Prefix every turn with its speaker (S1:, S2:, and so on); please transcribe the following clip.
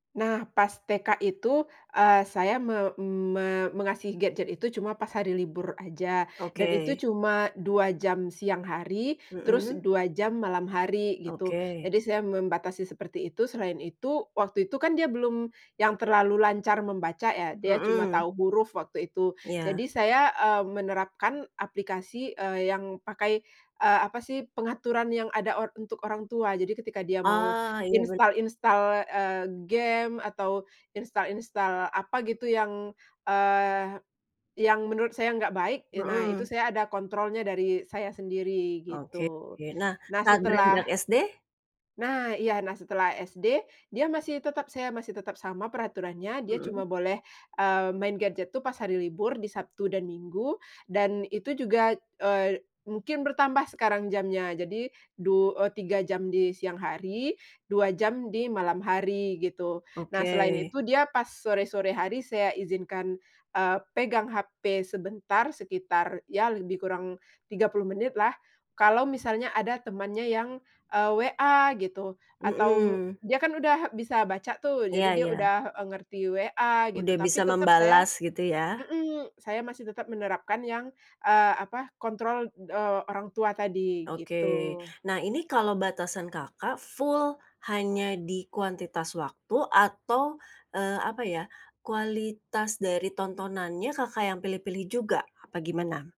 S1: Nah pas TK itu, eee, saya me me mengasih gadget itu cuma pas hari libur aja, dan itu
S2: Oke.
S1: cuma 2 jam siang hari, terus
S2: Mhm?
S1: 2 jam malam hari, gitu.
S2: Oke.
S1: Jadi, saya membatasi seperti itu, selain itu, waktu itu kan dia belum yang terlalu lancar membaca ya, dia cuma
S2: Mhm.
S1: tahu huruf waktu itu.
S2: Iya.
S1: Jadi saya, eee, menerapkan aplikasi, eee, yang pakai, eee, apa sih pengaturan yang ada or untuk orang tua. Jadi ketika dia mau
S2: Ah, iya ben
S1: install-install, eee, game atau install-install, apa gitu yang, eee, yang menurut saya enggak baik, ye nah itu
S2: Mhm.
S1: saya ada kontrolnya, dari saya sendiri,
S2: Oke
S1: gitu.
S2: oke, nah,
S1: Nah
S2: saat
S1: setelah
S2: beranjak SD?
S1: Nah iya, nah setelah SD, dia masih tetap saya masih tetap sama peraturannya, dia
S2: Mhm.
S1: cuma boleh, eee, main gadget tuh pas hari libur di Sabtu dan Minggu, dan itu juga, eee, mungkin bertambah sekarang jamnya, jadi du eee, 3 jam di siang hari, 2 jam di malam hari, gitu. Nah selain
S2: Oke.
S1: itu dia pas sore-sore hari saya izinkan, eee, pegang HP sebentar sekitar, ya lebih kurang 30 menitlah kalau misalnya ada temannya yang, eee, WA gitu atau
S2: Mhm.
S1: dia kan udah bisa baca tuh, jadi
S2: Iya
S1: dia
S2: iya.
S1: udah e ngerti WA gitu,
S2: Udah
S1: tapi
S2: bisa
S1: tetap saya
S2: membalas, gitu ya?
S1: mhm, saya masih tetap menerapkan yang, eee, apa, kontrol, eee, orang tua tadi,
S2: Oke.
S1: gitu.
S2: Nah ini kalo batasan Kakak full hanya di kuantitas waktu atau, eee, apa ya, kualitas dari tontonannya Kakak yang pilih-pilih juga, apa gimana?